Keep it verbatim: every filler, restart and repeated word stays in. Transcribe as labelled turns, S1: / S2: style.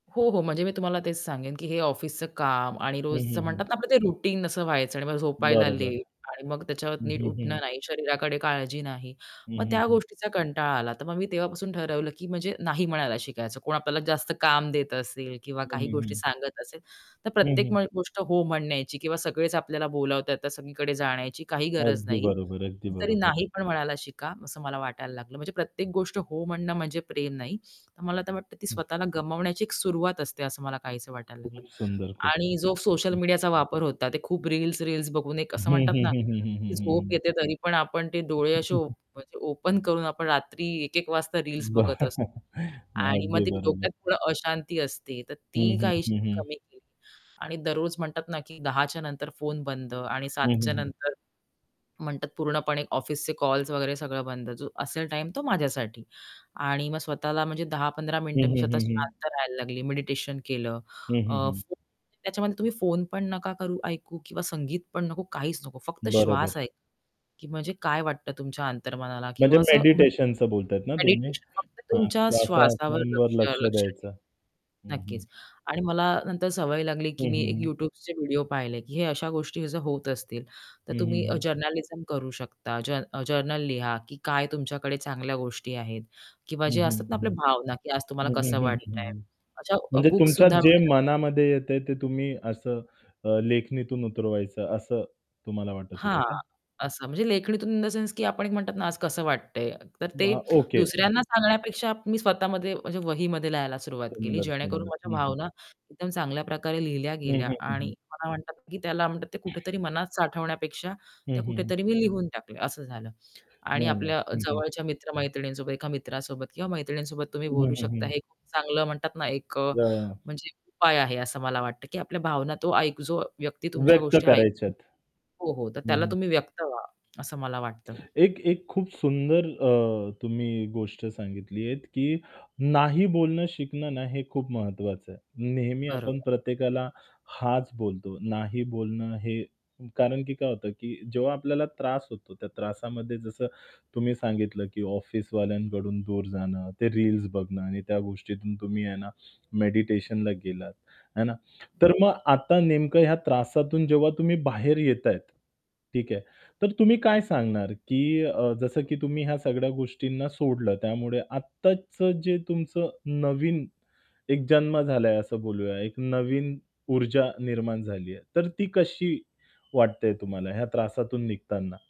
S1: हो, हो. म्हणजे मी तुम्हाला तेच सांगेन की हे ऑफिसच काम आणि
S2: हं,
S1: रोजचं
S2: हं, हं.
S1: म्हणतात ना, आपलं ते रुटीन असं व्हायचं आणि मग झोपायला
S2: बरोबर.
S1: लेट आणि मग त्याच्यावर
S2: हं,
S1: नीट
S2: हं,
S1: उठणं
S2: हं.
S1: नाही, शरीराकडे काळजी नाही,
S2: हं,
S1: मग
S2: हं,
S1: त्या
S2: हं.
S1: गोष्टीचा कंटाळा आला. तर मग मी तेव्हापासून ठरवलं की म्हणजे नाही म्हणायला शिकायचं. कोण आपल्याला जास्त काम देत असेल किंवा
S2: हं,
S1: काही
S2: हं,
S1: गोष्टी
S2: हं.
S1: सांगत असेल. तर
S2: हं,
S1: प्रत्येक
S2: हं.
S1: म गोष्ट हो म्हणायची किंवा सगळेच आपल्याला बोलावतात तर सगळीकडे जाण्याची काही गरज
S2: अगदी
S1: नाही.
S2: बरोबर, अगदी
S1: कधीतरी
S2: बरोबर.
S1: नाही पण म्हणायला शिका असं मला वाटायला लागलं. म्हणजे प्रत्येक गोष्ट हो म्हणणं म्हणजे प्रेम नाही, तर मला वाटतं ती
S2: हं.
S1: स्वतःला गमावण्याची सुरुवात असते, असं मला काहीसं वाटायला लागलं.
S2: खूप सुंदर, खूप
S1: आणि
S2: सुंदर.
S1: जो सोशल
S2: हं, हं.
S1: मीडियाचा वापर होता ते खूप रील्स-रील्स बघून एक
S2: हं,
S1: असं म्हणतात
S2: हं,
S1: ना,
S2: हं, हं, हं,
S1: की
S2: हं, हं,
S1: झोप
S2: हं.
S1: येते तरी पण आपण ते डोळे असे ओप म्हणजे ओपन करून आपण रात्री एक एक वाजता रील्स बघत असतो.
S2: बरं नाही.
S1: आणि मग
S2: अगदी
S1: ते
S2: बरोबर.
S1: डोक्यात थोडं अशांती असते, तर
S2: हं,
S1: ती
S2: हं,
S1: काहीशी
S2: हं, हं.
S1: कमी केली आणि दररोज म्हणतात ना, की दहा च्या नंतर फोन बंद आणि सात
S2: हं,
S1: च्या
S2: हं, हं.
S1: नंतर, म्हणतात पूर्णपणे ऑफिसचे कॉल्स वगैरे सगळं बंद, जो असेल टाईम तो माझ्यासाठी. आणि मग स्वतःला म्हणजे दहा पंधरा
S2: हं,
S1: मिनिटं मी
S2: हं,
S1: स्वतः
S2: हं, हं.
S1: शांत राहायला लागली, मेडिटेशन केलं.
S2: हं,
S1: अ,
S2: हं, हं.
S1: फोन त्याच्यामध्ये तुम्ही फोन पण नका करू, ऐकू किंवा संगीत पण नको, काहीच नको. फक्त
S2: बरोबर.
S1: श्वास ऐका की म्हणजे काय वाटतं तुमच्या अंतर्मनाला
S2: म्हणजे
S1: किंवा असं, म्हणतात
S2: मेडिटेशनच बोलताहेत ना
S1: ना,
S2: तुम्ही?
S1: मेडिटेशन फक्त
S2: हां,
S1: तुमच्या श्वासावर
S2: श्वासांवर
S1: लक्ष
S2: लक्ष
S1: लक्ष
S2: द्यायचं.
S1: ठेवा.
S2: हं, हं.
S1: नक्कीच आणि मला नंतर सवय लागली
S2: हं,
S1: की मी
S2: हं,
S1: एक
S2: हं.
S1: YouTubeचे व्हिडिओ पाहिले की हे अशा गोष्टी जर होत असतील, तर
S2: हं, हं,
S1: तुम्ही अ,
S2: हं.
S1: जर्नालिझम करू शकता. जन जर्नल लिहा की काय तुमच्याकडे चांगल्या गोष्टी आहेत किंवा
S2: हं,
S1: जे
S2: हं,
S1: असतात ना, आपल्या
S2: हं,
S1: भावना की आज तुम्हाला
S2: हं, हं,
S1: कसं
S2: हं, हं,
S1: वाटतंय
S2: हं.
S1: अशा
S2: म्हणजे
S1: बुक्स
S2: तुमच्या
S1: सुद्धा
S2: जे
S1: मिळतात.
S2: मनामध्ये येतंय ते तुम्ही असं अ, लेखणीतून उतरवायचं असं तुम्हाला वाटत होतं
S1: हां.
S2: का?
S1: असं म्हणजे लेखणीतून इन द सेन्स की आपण एक म्हणतात ना, आज कसं वाटतंय. तर ते
S2: वाह! ओके. हं.
S1: दुसऱ्यांना सांगण्यापेक्षा मी स्वतःमध्ये म्हणजे वहीमध्ये लिहायला सुरुवात केली,
S2: सुंदर,
S1: जेणेकरून
S2: सुंदर.
S1: माझ्या
S2: हं, हं.
S1: भावना एकदम चांगल्या प्रकारे लिहिल्या
S2: हं,
S1: गेल्या
S2: हं, हं,
S1: आणि
S2: हं.
S1: मला म्हणतात की त्याला म्हणतात ते कुठेतरी मनात साठवण्यापेक्षा
S2: हं,
S1: त्या
S2: हं, हं.
S1: कुठेतरी मी लिहून टाकल्या असं झालं. आणि
S2: नाही,
S1: आपल्या
S2: नाही. हं, हं.
S1: जवळच्या मित्र-मैत्रिणींसोबत एका मित्रासोबत किंवा मैत्रिणींसोबत तुम्ही
S2: हं,
S1: बोलू
S2: हं,
S1: शकता,
S2: हं.
S1: हे खूप चांगलं म्हणतात ना, एक अ,
S2: वाह.
S1: म्हणजे एक उपाय आहे असं मला वाटतं की आपल्या भावना तो एक जो व्यक्ती तुमच्या
S2: व्यक्त
S1: गोष्टी
S2: करायच्या
S1: ऐकतो
S2: आहेत.
S1: हो, हो. तर त्याला
S2: हं.
S1: तुम्ही व्यक्त व्हा असं मला वाटतं.
S2: एक एक खूप सुंदर अ, तुम्ही गोष्ट सांगितली आहेत की नाही बोलणं शिकणं ना, हे खूप महत्त्वाचं आहे. नेहमी आपण
S1: बरोबर.
S2: प्रत्येकाला हांच बोलतो. नाही बोलणं हे कारण की काय होतं की जेव्हा आपल्याला त्रास होतो त्या त्रासामध्ये जसं तुम्ही सांगितलं की ऑफिसवाल्यांकडून दूर जाणं, ते रील्स बघणं आणि त्या गोष्टीतून तुम्ही आहे ना, मेडिटेशनला गेलात, आहे ना? तर मग आता नेमकं ह्या त्रासातून जेव्हा तुम्ही बाहेर येत आहेत ठीक आहे, तर तुम्ही काय सांगणार की अ, जसं की तुम्ही ह्या सगळ्या गोष्टींना सोडलं त्यामुळे आत्ताचं जे तुमचं नवीन एक जन्म झालाय असं बोलूया. एक नवीन ऊर्जा निर्माण झाली आहे, तर ती कशी वाटते तुम्हाला ह्या त्रासातून निघताना?